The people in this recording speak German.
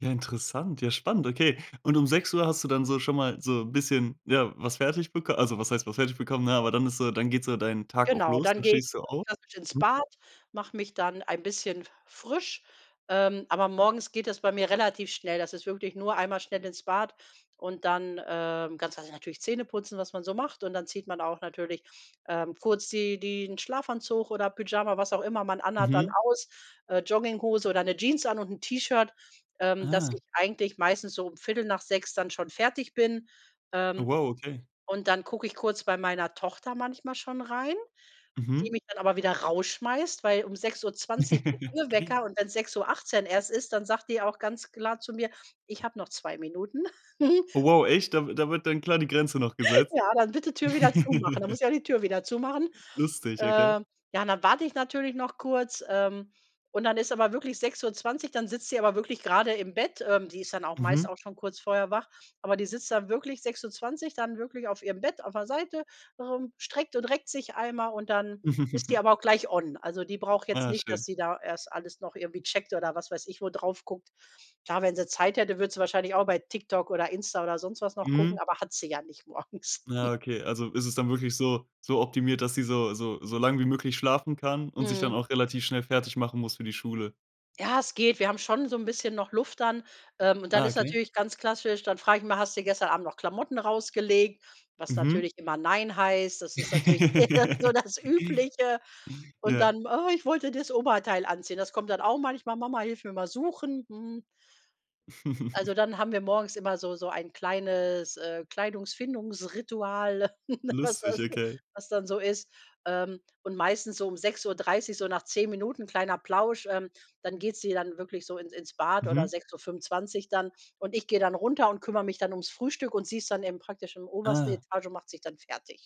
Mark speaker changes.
Speaker 1: Ja, interessant, ja, spannend, okay, und um 6:00 hast du dann so schon mal so 'n bisschen, ja, was fertig bek also, was heißt was fertig bekommen, ne, aber dann ist so dann geht so deinen Tag auch
Speaker 2: Genau,
Speaker 1: los,
Speaker 2: dann
Speaker 1: dann
Speaker 2: gehe ich
Speaker 1: stehst du
Speaker 2: ganz
Speaker 1: auf.
Speaker 2: klassisch ins
Speaker 1: Mhm.
Speaker 2: Bad, mache mich dann ein bisschen frisch, ähm, aber morgens geht das bei mir relativ schnell. Das ist wirklich nur einmal schnell ins Bad und dann, ähm, ganz klassisch natürlich Zähne putzen, was man so macht und dann zieht man auch natürlich, ähm, kurz die den Schlafanzug oder Pyjama, was auch immer man anhat, dann
Speaker 1: Mhm.
Speaker 2: aus, äh, Jogginghose oder 'ne Jeans an und 'n T-Shirt, ähm, dass
Speaker 1: Ah.
Speaker 2: ich eigentlich meistens so um 6:15 dann schon fertig bin.
Speaker 1: Oh,
Speaker 2: Ähm,
Speaker 1: wow, okay.
Speaker 2: und dann gucke ich kurz bei meiner Tochter manchmal schon rein, die
Speaker 1: Mhm.
Speaker 2: mich dann aber wieder rausschmeißt, weil um 6:20 geht ihr Wecker und wenn's 6:18 erst ist, dann sagt die auch ganz klar zu mir: „Ich habe noch 2 Minuten.“
Speaker 1: Oh wow, echt dann da wird dann klar die Grenze noch gesetzt?
Speaker 2: „Ja, dann bitte Tür wieder zumachen.” Dann muss ich ja die Tür wieder zumachen.
Speaker 1: Lustig, okay.
Speaker 2: Ähm, ja, und dann warte ich natürlich noch kurz. Ähm, und dann ist aber wirklich 6:20, dann sitzt sie aber wirklich grade im Bett. Ähm, die ist dann auch
Speaker 1: Mhm.
Speaker 2: meist auch schon kurz vorher wach. Aber die sitzt dann wirklich 6:20 dann wirklich auf ihrem Bett, auf der Seite, ähm, streckt und reckt sich einmal und dann ist die aber auch gleich on. Also, die braucht jetzt
Speaker 1: Aja,
Speaker 2: nicht, dass
Speaker 1: schön.
Speaker 2: sie da erst alles noch irgendwie checkt oder was weiß ich wo drauf guckt. Klar, wenn sie Zeit hätte, würde sie wahrscheinlich auch bei TikTok oder Insta oder sonst was noch gucken,
Speaker 1: Mhm.
Speaker 2: aber hat sie ja nicht morgens.
Speaker 1: Ja, okay, also, ist es dann wirklich so so optimiert, dass sie so so so lang wie möglich schlafen kann und sich dann
Speaker 2: Mhm.
Speaker 1: auch relativ schnell fertig machen muss für die Schule.
Speaker 2: Ja, es geht. Wir haben schon so 'n bisschen noch Luft dann, ähm, und dann
Speaker 1: Ah,
Speaker 2: ist
Speaker 1: okay.
Speaker 2: natürlich ganz klassisch dann frage ich mal: „Hast du gestern Abend noch Klamotten rausgelegt?“ Was
Speaker 1: Mhm.
Speaker 2: natürlich immer nein heißt. Das ist natürlich eher so das Übliche. Und
Speaker 1: Ja.
Speaker 2: dann: „Oh, ich wollte das Oberteil anziehen.“ Das kommt dann auch manchmal: „Mama hilf mir mal suchen.” Hm. Also, dann haben wir morgens immer so so ein kleines, äh, Kleidungsfindungs-Ritual, was was
Speaker 1: Lustig,
Speaker 2: dann
Speaker 1: okay.
Speaker 2: was dann so ist. Ähm, und meistens so um 6:30, so nach 10 Minuten, kleiner Plausch, ähm, dann geht sie dann wirklich so ins ins Bad oder
Speaker 1: Mhm.
Speaker 2: 6:25 dann. Und ich gehe dann runter und kümmere mich dann ums Frühstück und sie ist dann eben praktisch im obersten
Speaker 1: Ah.
Speaker 2: Etage und macht sich dann fertig.